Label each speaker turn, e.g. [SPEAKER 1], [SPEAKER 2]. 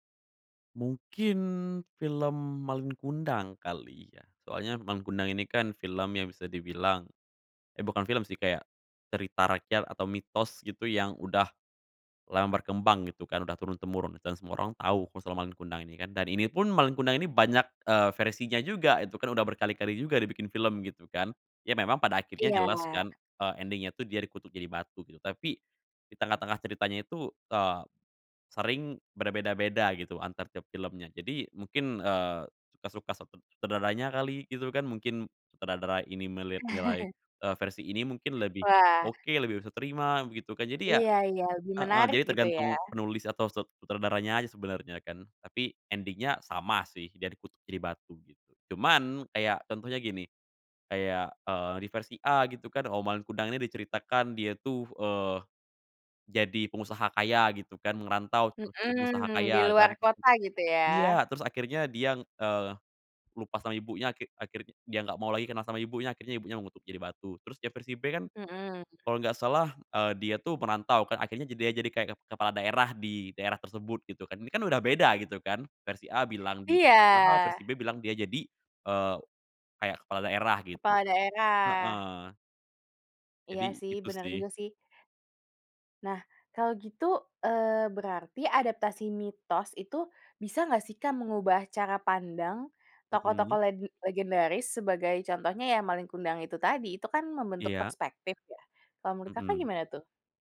[SPEAKER 1] Mungkin film Malin Kundang kali ya, soalnya Malin Kundang ini kan film yang bisa dibilang. Eh bukan film sih, kayak, cerita rakyat atau mitos gitu yang udah, lama berkembang gitu kan, udah turun-temurun dan semua orang tau ku soal Malin Kundang ini kan, dan ini pun Malin Kundang ini banyak, eee, versinya juga, itu kan udah berkali-kali juga dibikin film, gitu kan, ya memang pada akhirnya
[SPEAKER 2] Iya.
[SPEAKER 1] jelas kan, eee, ending-nya tuh dia dikutuk jadi batu gitu. Tapi, di tengah-tengah ceritanya itu, eee, sering berbeda-beda gitu antar tiap filmnya, jadi mungkin, eee, suka-suka set sutradaranya kali, gitu kan, mungkin sutradara ini melihat nilai, eee, versi ini mungkin lebih
[SPEAKER 2] Wah.
[SPEAKER 1] oke, lebih bisa terima begitu kan, jadi ya
[SPEAKER 2] Iya iya, lebih
[SPEAKER 1] heeh,
[SPEAKER 2] menarik
[SPEAKER 1] jadi
[SPEAKER 2] gitu ya?
[SPEAKER 1] tergantung penulis atau set sutradaranya aja sebenernya kan. Tapi ending-nya sama sih, dia dikutuk jadi batu, gitu. Cuman, kayak, contohnya gini, kayak, eee, di versi A gitu kan, oh, Malin Kundang nih diceritakan dia tuh, eee, jadi pengusaha kaya gitu kan, ngerantau terus jadi pengusaha
[SPEAKER 2] Mhm, di
[SPEAKER 1] kaya
[SPEAKER 2] luar
[SPEAKER 1] kan
[SPEAKER 2] kota gitu ya?
[SPEAKER 1] iya, terus akhirnya dia, eee, lupa sama ibunya, akhir akhirnya dia gak mau lagi kenal sama ibunya, akhirnya ibunya mengutuk jadi batu. Terus di versi B kan,
[SPEAKER 2] Mhm.
[SPEAKER 1] kalo gak salah, eee, dia tuh merantau kan akhirnya ja dia jadi kayak ke kepala daerah di daerah tersebut gitu kan, ini kan udah beda gitu kan, versi A bilang gitu,
[SPEAKER 2] Iya.
[SPEAKER 1] padahal versi B bilang dia jadi, eee, kayak kepala daerah gitu.
[SPEAKER 2] Kepala daerah.
[SPEAKER 1] Heeh.
[SPEAKER 2] Iya
[SPEAKER 1] Jadi,
[SPEAKER 2] sih,
[SPEAKER 1] itu
[SPEAKER 2] benar
[SPEAKER 1] sih.
[SPEAKER 2] juga sih. Nah, kalau gitu, eee, berarti adaptasi mitos itu, bisa nggak sih Kak, mengubah cara pandang tokoh-tokoh
[SPEAKER 1] Mhm.
[SPEAKER 2] legen legendaris sebagai contohnya ya Malin Kundang itu tadi, itu kan membentuk
[SPEAKER 1] Iya.
[SPEAKER 2] perspektif ya? Kalau menurut Kakak
[SPEAKER 1] Mhm.
[SPEAKER 2] gimana tuh?